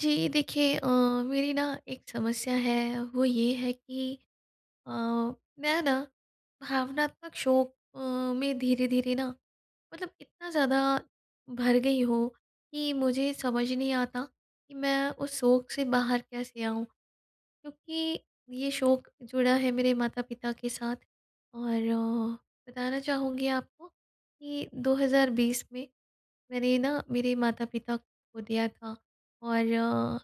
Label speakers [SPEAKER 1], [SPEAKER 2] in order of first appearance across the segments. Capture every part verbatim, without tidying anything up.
[SPEAKER 1] जी देखिए अ, मेरी ना एक समस्या है वो ये है कि अ, मैं ना भावनात्मक शोक अ, में धीरे-धीरे ना मतलब इतना ज़्यादा भर गई हूँ कि मुझे समझ नहीं आता कि मैं उस शोक से बाहर कैसे आऊँ। क्योंकि ये शोक जुड़ा है मेरे माता-पिता के साथ और बताना चाहूँगी आपको कि दो हज़ार बीस में मैंने ना मेरे माता-पिता को दिया था और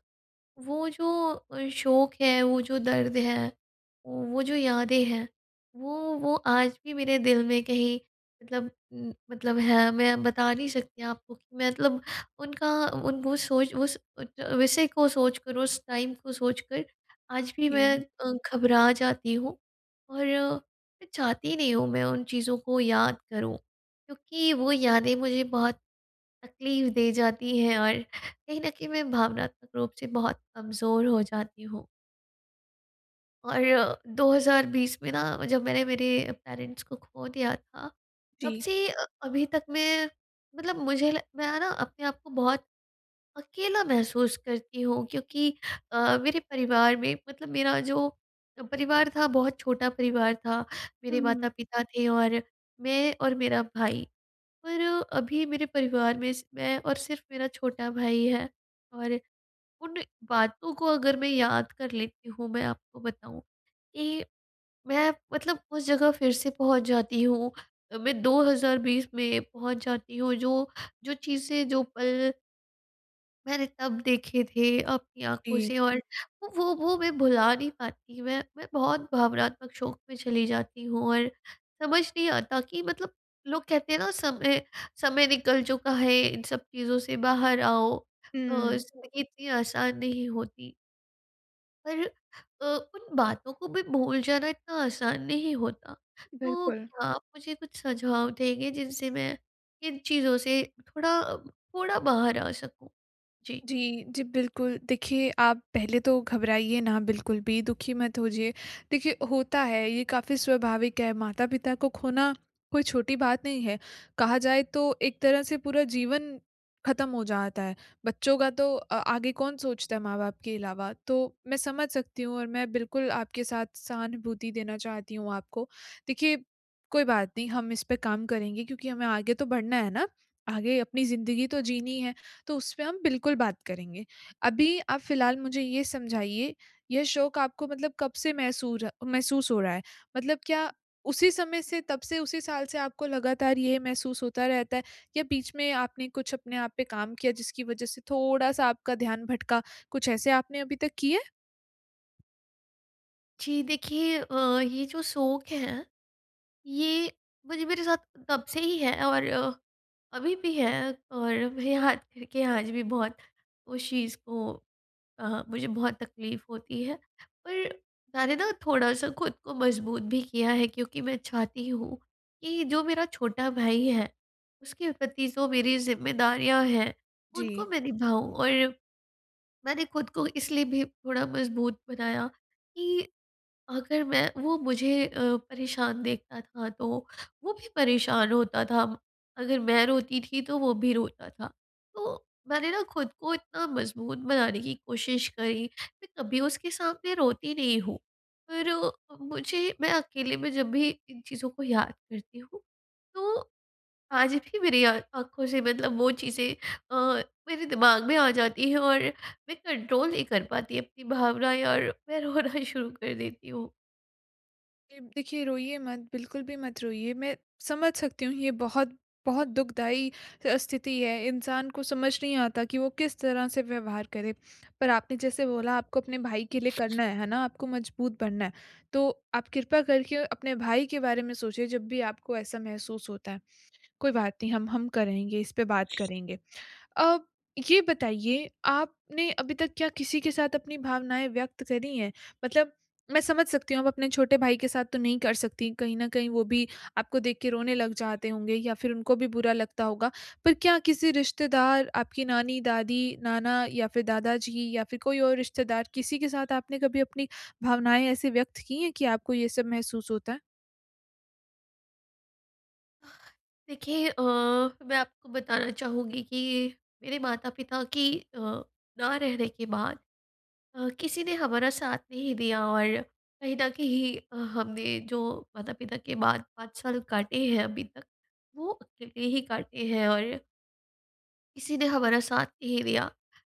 [SPEAKER 1] वो जो अ, शोक है वो जो दर्द है, वो जो यादें हैं वो वो आज भी मेरे दिल में कहीं मतलब मतलब है मैं बता नहीं सकती आपको कि मैं मतलब उनका उन सोच वो सोच उस विषय को सोचकर उस टाइम को सोच कर आज भी
[SPEAKER 2] इ
[SPEAKER 1] मैं
[SPEAKER 2] हुँ।
[SPEAKER 1] अ, घबरा जाती हूँ और मैं चाहती नहीं हूँ मैं उन चीज़ों को याद करूँ। क्योंकि वो यादें मुझे बहुत तकलीफ़ दे जाती हैं और कहीं न कहीं मैं भावनात्मक रूप से बहुत कमज़ोर हो जाती हूँ। और दो हज़ार बीस में ना जब मैंने मेरे पेरेंट्स को खो दिया था। तब
[SPEAKER 2] जी।
[SPEAKER 1] से अ, अभी तक मैं मतलब मुझे ल मैं ना अपने आप को बहुत अकेला महसूस करती हूँ क्योंकि अ, मेरे परिवार में मतलब मेरा जो परिवार था बहुत छोटा परिवार था।
[SPEAKER 2] हुँ,
[SPEAKER 1] मेरे
[SPEAKER 2] हुँ।
[SPEAKER 1] माता-पिता थे और मैं और मेरा भाई। पर, अभी मेरे परिवार में सि मैं और सिर्फ मेरा छोटा भाई है और उन, बातों को अगर मैं याद कर लेती हूँ, मैं आपको बताऊँ कि, मैं मतलब उस जगह फिर से पहुँच जाती हूँ मैं दो हज़ार बीस में पहुँच जाती हूँ। जो, जो चीजें जो पल मैंने तब देखे थे अपनी आँखों
[SPEAKER 2] जी।
[SPEAKER 1] से और वो, वो मैं भुला नहीं पाती। मैं, मैं बहुत भावनात्मक शोक में चली जाती हूँ और समझ नहीं आता कि मतलब लोग कहते हैं ना समय, समय निकल चुका है इन सब चीज़ों से बाहर आओ अ,
[SPEAKER 2] हुँ।
[SPEAKER 1] ज़िंदगी इतनी आसान नहीं होती। पर अ, उन बातों को भी भूल जाना इतना आसान नहीं होता। तो
[SPEAKER 2] बिल्कुल।
[SPEAKER 1] क्या आप मुझे कुछ सुझाव देंगे जिनसे मैं इन चीज़ों से थोड़ा, थोड़ा बाहर आ सकूँ? जी।
[SPEAKER 2] जी। जी, बिल्कुल। देखिए आप पहले तो घबराइए ना बिल्कुल भी दुखी मत होजिए देखिए, होता है ये काफ़ी स्वाभाविक है माता-पिता को खोना, कोई छोटी बात नहीं है। कहा जाए तो एक तरह से पूरा जीवन ख़त्म हो जाता है, बच्चों का तो अ आगे कौन सोचता है, माँ-बाप के अलावा। तो मैं समझ सकती हूँ और मैं बिल्कुल आपके साथ सहानुभूति देना चाहती हूँ आपको। देखिए, कोई बात नहीं हम इसपे काम करेंगे, क्योंकि हमें आगे तो बढ़ना है ना? आगे अपनी ज़िंदगी तो जीनी है, तो उसपे हम बिल्कुल बात करेंगे। अभी आप फ़िलहाल मुझे ये समझाइए, यह शोक आपको मतलब कब से महसूर महसूस हो रहा है? मतलब क्या उसी समय से, तब से उसी साल से आपको लगातार ये महसूस होता रहता है या बीच में आपने कुछ अपने आप पे काम किया जिसकी वजह से थोड़ा-सा आपका ध्यान भटका। कुछ ऐसे आपने अभी तक किया है?
[SPEAKER 1] जी, देखिए अ, ये जो शोक है। ये मुझे मेरे साथ तब से ही है और अभी भी है और मेरे हाथ कर के आज भी बहुत उस चीज़ को अ, मुझे बहुत तकलीफ़ होती है पर मैंने ना थोड़ा-सा ख़ुद को मज़बूत भी किया है, क्योंकि मैं चाहती हूँ, कि जो मेरा छोटा भाई है उसके प्रति जो मेरी ज़िम्मेदारियाँ हैं, उनको
[SPEAKER 2] जी।
[SPEAKER 1] मैं निभाऊँ। और, मैंने ख़ुद को इसलिए भी थोड़ा मज़बूत बनाया कि अगर मैं वो मुझे अ, परेशान देखता था तो वो भी परेशान होता था, अगर मैं रोती थी, तो वो भी रोता था। तो मैंने ना ख़ुद को इतना मज़बूत बनाने की कोशिश करी। मैं कभी उसके सामने रोती नहीं हूँ, पर मुझे मैं अकेले में जब भी इन चीज़ों को याद करती हूँ, तो आज भी मेरी आ आँखों से मतलब वो चीज़ें अ, मेरे दिमाग में आ जाती हैं और मैं कंट्रोल नहीं कर पाती अपनी भावनाएँ और मैं रोना शुरू कर देती हूँ।
[SPEAKER 2] ये देखिए, रोइए मत। बिल्कुल भी मत रोइए, मैं समझ सकती हूँ ये बहुत, बहुत दुखदायी अ, स्थिति है। इंसान को समझ नहीं आता कि वो किस तरह से व्यवहार करे। पर आपने जैसे बोला आपको अपने भाई के लिए करना है। है ना? आपको मज़बूत बनना है। तो आप कृपया करके अपने भाई के बारे में सोचिए, जब भी आपको ऐसा महसूस होता है। कोई बात नहीं हम हम करेंगे इस पर बात करेंगे। अ, ये बताइए आपने अभी तक क्या किसी के साथ अपनी भावनाएँ व्यक्त करी हैं? मतलब मैं समझ सकती हूँ आप अपने छोटे भाई के साथ तो नहीं कर सकती कहीं ना कहीं वो भी आपको देख के रोने लग जाते होंगे या फिर उनको भी बुरा लगता होगा। पर क्या किसी रिश्तेदार आपकी नानी, दादी, नाना या फिर दादाजी या फिर कोई और रिश्तेदार, किसी के साथ आपने कभी अपनी भावनाएँ ऐसी व्यक्त की हैं कि आपको ये सब महसूस होता है?
[SPEAKER 1] देखिए अ, मैं आपको बताना चाहूँगी कि मेरे माता-पिता की अ, ना रहने के बाद अ, किसी ने हमारा साथ नहीं दिया। और कहीं न कहीं हमने जो माता-पिता के बाद पाँच साल काटे हैं अभी तक, वो अकेले ही काटे हैं और किसी ने हमारा साथ नहीं दिया,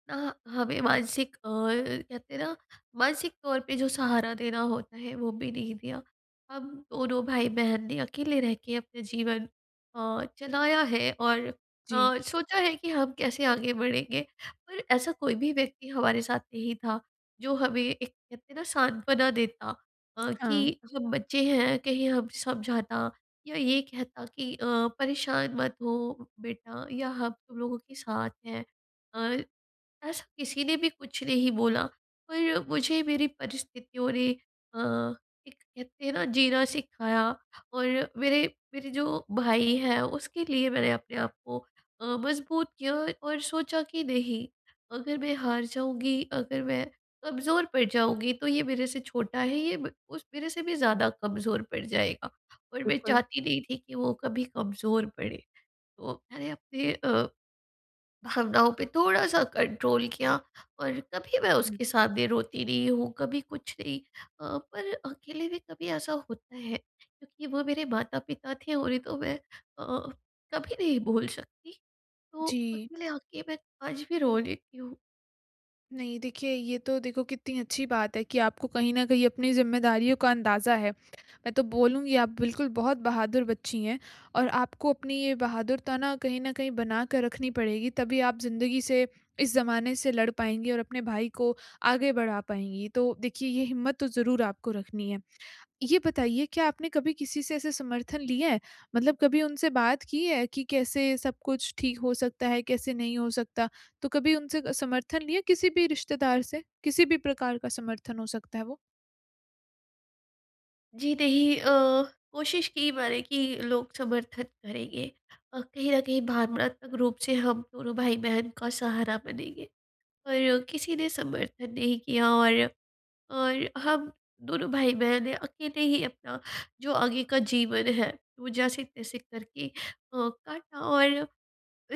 [SPEAKER 1] ना हमें मानसिक अ, कहते हैं ना मानसिक तौर पे जो सहारा देना होता है वो भी नहीं दिया। हम दोनों भाई-बहन ने अकेले रहके अपने जीवन अ, चलाया है और
[SPEAKER 2] जी।
[SPEAKER 1] अ, सोचा है कि हम कैसे आगे बढ़ेंगे और ऐसा कोई भी व्यक्ति हमारे साथ नहीं था जो हमें एक कहते हैं ना सांत्वना देता अ,
[SPEAKER 2] हाँ।
[SPEAKER 1] कि हम बच्चे हैं कहीं हम समझाता या ये कहता कि अ, परेशान मत हो बेटा या हम तुम लोगों के साथ हैं। अ, ऐसा किसी ने भी कुछ नहीं बोला पर मुझे मेरी परिस्थितियों ने अ, एक कहते हैं ना जीना सिखाया। और मेरे मेरे जो भाई हैं उसके लिए मैंने अपने आप को अ, मज़बूत किया और सोचा कि नहीं अगर मैं हार जाऊँगी अगर मैं कमज़ोर पड़ जाऊँगी तो ये मेरे से छोटा है ब उस ये मेरे से भी ज़्यादा कमज़ोर पड़ जाएगा और मैं
[SPEAKER 2] बिल्कुल।
[SPEAKER 1] चाहती नहीं थी कि वो कभी कमज़ोर पड़े। तो मैंने अपने अ, भावनाओं पे थोड़ा-सा कंट्रोल किया और कभी मैं
[SPEAKER 2] हुँ।
[SPEAKER 1] उसके सामने रोती नहीं हूँ कभी कुछ नहीं अ, पर अकेले भी कभी ऐसा होता है क्योंकि वो मेरे माता-पिता थे और नहीं तो मैं कभी नहीं भूल सकती तो
[SPEAKER 2] जी।
[SPEAKER 1] अकेले आके मैं आज भी रो लेती हूँ।
[SPEAKER 2] नहीं, देखिए, ये तो देखो कितनी अच्छी बात है कि आपको कहीं न कहीं अपनी ज़िम्मेदारियों का अंदाज़ा है। मैं तो बोलूँगी, आप बिल्कुल बहुत बहादुर बच्ची हैं और आपको अपनी ये बहादुरता ना कहीं न कहीं बना कर रखनी पड़ेगी, तभी आप ज़िंदगी से, इस ज़माने से लड़ पाएँगी और अपने भाई को आगे बढ़ा पाएँगी तो देखिए ये हिम्मत तो ज़रूर आपको रखनी है। ये बताइए क्या आपने कभी किसी से ऐसे समर्थन लिया है? मतलब कभी उनसे बात की है कि, कैसे सब कुछ ठीक हो सकता है, कैसे नहीं हो सकता, तो कभी उनसे अ, समर्थन लिया किसी भी रिश्तेदार से, किसी भी प्रकार का समर्थन हो सकता है वो?
[SPEAKER 1] जी नहीं अ, कोशिश की मैंने कि लोग समर्थन करेंगे अ, कहीं न कहीं भावनात्मक रूप से हम दोनों भाई-बहन का सहारा बनेंगे। और किसी ने समर्थन नहीं किया और और हम दोनों भाई-बहन ने अकेले ही अपना जो आगे का जीवन है, वो जैसे-तैसे करके अ, काटा और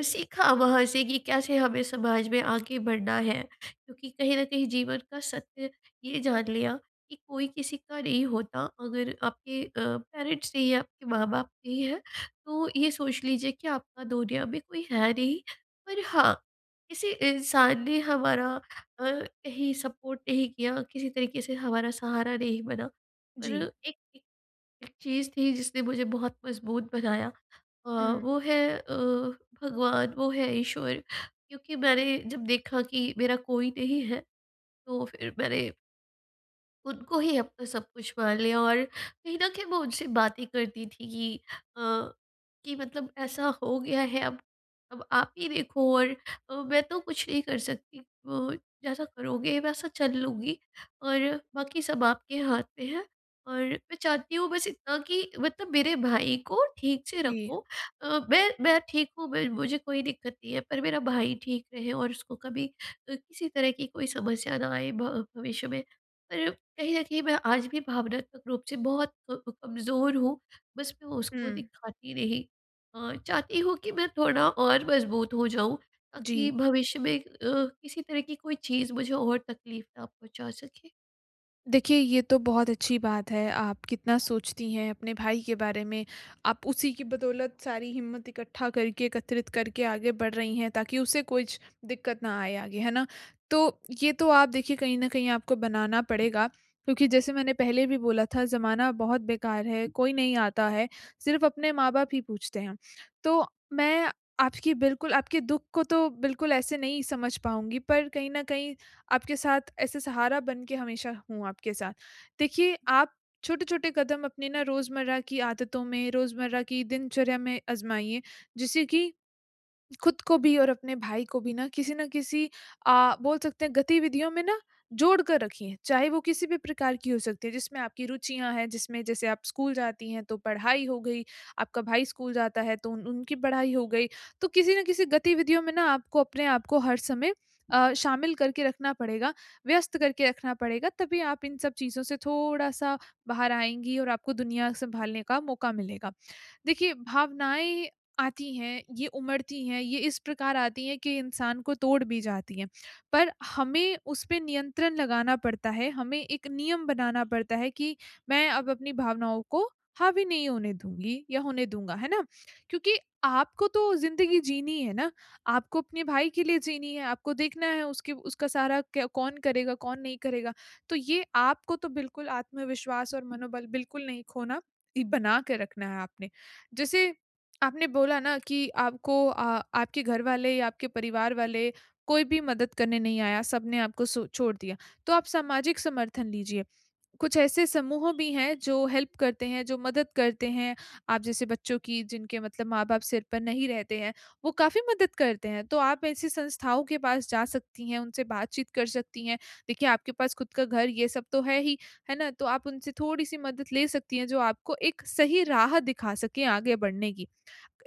[SPEAKER 1] सीखा वहाँ से कि कैसे हमें समाज में आगे बढ़ना है क्योंकि कहीं न कहीं जीवन का सत्य ये जान लिया कि, कोई किसी का नहीं होता अगर आपके अ, पेरेंट्स नहीं हैं आपके माँ-बाप नहीं हैं तो ये सोच लीजिए कि आपका दुनिया में कोई है नहीं। पर हाँ किसी इंसान ने हमारा अ, कहीं सपोर्ट नहीं किया, किसी तरीके से हमारा सहारा नहीं बना और
[SPEAKER 2] जी।
[SPEAKER 1] एक एक एक चीज़ थी जिसने मुझे बहुत मज़बूत बनाया अ,
[SPEAKER 2] हुँ।
[SPEAKER 1] वो है अ, भगवान वो है ईश्वर क्योंकि मैंने जब देखा कि मेरा कोई नहीं है तो फ़िर मैंने उनको ही अपना सब कुछ मान लिया और कहीं न कहीं मैं उनसे बातें करती थी कि अ, कि मतलब ऐसा हो गया है अब अब आप ही देखो और मैं तो कुछ नहीं कर सकती उ जैसा करोगे वैसा चल लूँगी और बाकी सब आपके हाथ में है। और मैं चाहती हूँ बस इतना कि मतलब मेरे भाई को ठीक से
[SPEAKER 2] जी।
[SPEAKER 1] रखो अ, मैं मैं ठीक हूँ मुझे कोई दिक्कत नहीं है पर मेरा भाई ठीक रहे और उसको कभी किसी तरह की कोई समस्या न आए भ भविष्य में। पर कहीं न कहीं मैं आज भी भावनात्मक रूप से बहुत कम कमज़ोर हूँ बस मैं उसको
[SPEAKER 2] हुँ।
[SPEAKER 1] दिखाती नहीं। अ, चाहती हूँ कि मैं थोड़ा और मज़बूत हो जाऊँ ताकि
[SPEAKER 2] जी।
[SPEAKER 1] भविष्य में अ, किसी तरह की कोई चीज़ मुझे और तकलीफ़ ना पहुँचा सके।
[SPEAKER 2] देखिए, ये तो बहुत अच्छी बात है आप कितना सोचती हैं अपने भाई के बारे में, आप उसी की बदौलत सारी हिम्मत इकट्ठा करके एकत्रित करके आगे बढ़ रही हैं ताकि उसे कुछ दिक्कत ना आए आगे, है ना? तो ये तो आप देखिए कहीं न कहीं आपको बनाना पड़ेगा। क्योंकि जैसे मैंने पहले भी बोला था ज़माना बहुत बेकार है कोई नहीं आता है, सिर्फ़ अपने माँ बाप ही पूछते हैं। तो मैं आपकी बिल्कुल आपके दुःख को तो बिल्कुल ऐसे नहीं समझ पाऊँगी, पर कहीं न कहीं आपके साथ ऐसे सहारा बन के हमेशा हूँ आपके साथ। देखिए आप छोटे-छोटे कदम अपने ना रोज़मर्रा की आदतों में रोज़मर्रा की दिनचर्या में आज़माइए जिससे कि, ख़ुद को भी और अपने भाई को भी ना किसी न किसी अ, बोल सकते हैं गतिविधियों में ना जोड़ कर रखिए। चाहे वो किसी भी प्रकार की हो सकती है जिसमें आपकी रुचियाँ हैं, जिसमें जैसे आप स्कूल जाती हैं तो पढ़ाई हो गई, आपका भाई स्कूल जाता है तो उनकी पढ़ाई हो गई, तो किसी न किसी गतिविधियों में ना आपको अपने आपको हर समय अ, शामिल करके रखना पड़ेगा, व्यस्त करके रखना पड़ेगा तभी आप इन सब चीज़ों से थोड़ा-सा बाहर आएँगी और आपको दुनिया सँभालने का मौका मिलेगा। देखिए भावनाएँ आती हैं, ये उमड़ती हैं, ये इस प्रकार आती हैं कि इंसान को तोड़ भी जाती है। पर हमें उस पे नियंत्रण लगाना पड़ता है, हमें एक नियम बनाना पड़ता है कि मैं अब अपनी भावनाओं को हावी नहीं होने दूँगी या होने दूँगा, है ना? क्योंकि आपको तो ज़िंदगी जीनी है ना, आपको अपने भाई के लिए जीनी है, आपको देखना है उसके उसका सारा क्या कौन करेगा, कौन नहीं करेगा। तो ये आपको तो बिल्कुल आत्मविश्वास और मनोबल बिल्कुल नहीं खोना बना के रखना है आपने। जैसे आपने बोला ना कि आपको अ, आपके घर वाले या आपके परिवार वाले कोई भी मदद करने नहीं आया, सबने सो आपको छोड़ दिया तो आप सामाजिक समर्थन लीजिए। कुछ ऐसे समूह भी हैं जो हेल्प करते हैं, जो मदद करते हैं आप जैसे बच्चों की जिनके मतलब माँ-बाप सिर पर नहीं रहते हैं, वो काफ़ी मदद करते हैं। तो आप ऐसी संस्थाओं के पास जा सकती हैं उनसे बातचीत कर सकती हैं। देखिए आपके पास ख़ुद का घर ये सब तो है ही, है ना? तो आप उनसे थोड़ी-सी मदद ले सकती हैं जो आपको एक सही राह दिखा सके आगे बढ़ने की।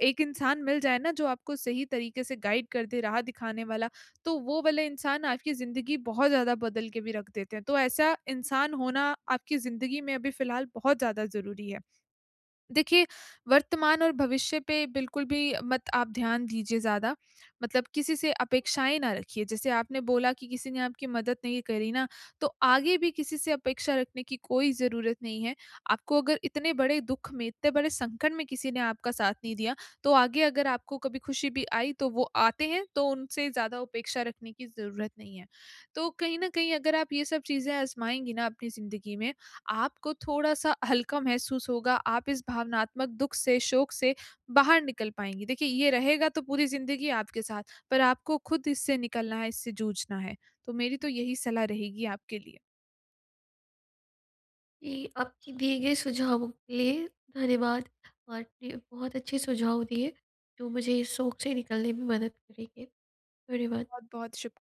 [SPEAKER 2] एक इंसान मिल जाए ना जो आपको सही तरीके से गाइड कर दे राह दिखाने वाला तो वो वाला इंसान आपकी ज़िंदगी बहुत ज़्यादा बदल के भी रख देते हैं। तो ऐसा इंसान होना आपकी ज़िंदगी में अभी फिलहाल बहुत ज़्यादा ज़रूरी है। देखिए, वर्तमान और भविष्य पे बिल्कुल भी मत आप ध्यान दीजिए ज़्यादा मतलब किसी से अपेक्षाएँ ना रखिए। जैसे आपने बोला कि किसी ने आपकी मदद नहीं करी ना, तो आगे भी किसी से अपेक्षा रखने की कोई ज़रूरत नहीं है। आपको अगर इतने बड़े दुःख में इतने बड़े संकट में किसी ने आपका साथ नहीं दिया तो आगे अगर आपको कभी खुशी भी आई तो वो आते हैं तो उनसे ज़्यादा उपेक्षा रखने की ज़रूरत नहीं है। तो कहीं न कहीं अगर आप ये सब चीज़ें आजमाएँगी ना अपनी ज़िंदगी में, आपको थोड़ा-सा हल्का महसूस होगा आप इस भावनात्मक दुःख से, शोक से बाहर निकल पाएँगी। देखिए ये रहेगा तो पूरी ज़िंदगी आपके साथ, पर आपको ख़ुद इस से निकलना है, इससे जूझना है। तो मेरी तो यही सलाह रहेगी आपके लिए।
[SPEAKER 1] ये आपके दिए गए सुझावों के लिए धन्यवाद। आपने बहुत अच्छे सुझाव दिए जो मुझे शोक से निकलने में मदद करेंगे। धन्यवाद।
[SPEAKER 2] बहुत-बहुत शुक